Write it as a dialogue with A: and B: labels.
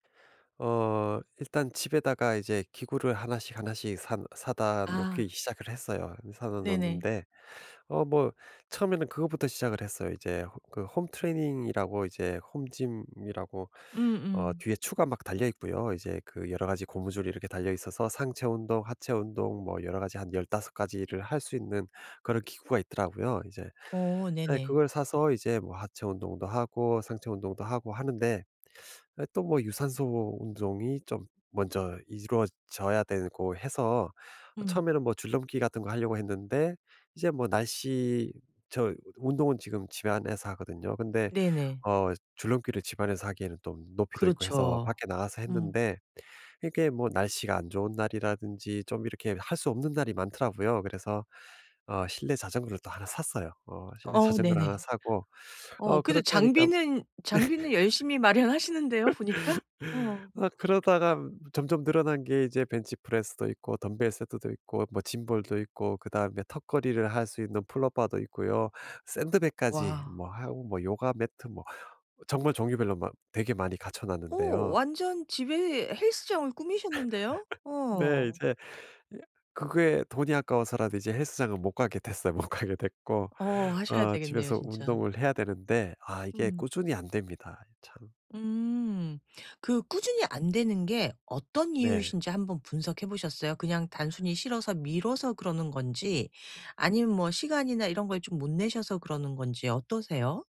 A: 어 일단 집에다가 이제 기구를 1 씩, 1 씩 사 사다
B: 아.
A: 놓기 시작을 했어요. 이 사다
B: 네네.
A: 놓는데 어 뭐 처음에는 그거부터 시작을 했어요. 이제 호 그 홈트레이닝이라고 이제 home gym이라고 어
B: 음음.
A: 뒤에 추가 막 달려있고요. 이제 그 여러 가지 고무줄이 이렇게 달려 있어서 상체 운동, 하체 운동 뭐 여러 가지 한 15 가지를 할 수 있는 그런 기구가 있더라고요. 이제
B: 어
A: 에
B: 네네.
A: 그걸 사서 이제 뭐 하체 운동도 하고 상체 운동도 하고 하는데 에 또 뭐 유산소 운동이 좀 먼저 이루어져야 되고 해서
B: 음.
A: 처음에는 뭐 줄넘기 같은 거 하려고 했는데 이제 뭐 날씨 저 운동은 지금 집안에서 하거든요. 근데
B: 네네.
A: 어 줄넘기를 집안에서 하기에는 또 높이도 있고 해서
B: 그렇죠.
A: 밖에 나가서
B: 음.
A: 했는데 이게 뭐 날씨가 안 좋은 날이라든지 좀 이렇게 할 수 없는 날이 많더라고요. 그래서 어 실내 자전거를 또 1 샀어요. 어 실내
B: 어
A: 자전거를 1
B: 네네.
A: 사고
B: 어
A: 어
B: 근데
A: 그렇게 하니까
B: 장비는 장비는 열심히 마련하시는데요 보니까. 어.
A: 어 그러다가 점점 늘어난 게 이제 벤치 프레스도 있고 덤벨 세트도 있고 뭐 짐볼도 있고 그다음에 턱걸이를 할 수 있는 풀업바도 있고요. 샌드백까지
B: 와.
A: 뭐 하고 뭐 요가 매트 뭐 정말 종류별로 막 되게 많이 갖춰
B: 어
A: 놨는데요.
B: 완전 집에 헬스장을 꾸미셨는데요?
A: 네
B: 어.
A: 이제 예 그게 돈이 아까워서라도 이제 헬스장은 못 가게 됐어요. 못 가게 됐고.
B: 어 하셔야
A: 어
B: 되겠네요
A: 집에서
B: 진짜.
A: 운동을 해야 되는데 아 이게
B: 음.
A: 꾸준히 안 됩니다. 참.
B: 음. 그 꾸준히 안 되는 게 어떤
A: 네.
B: 이유이신지 1 번 분석해 보셨어요? 그냥 단순히 싫어서 미뤄서 그러는 건지 아니면 뭐 시간이나 이런 걸 좀 못 내셔서 그러는 건지 어떠세요?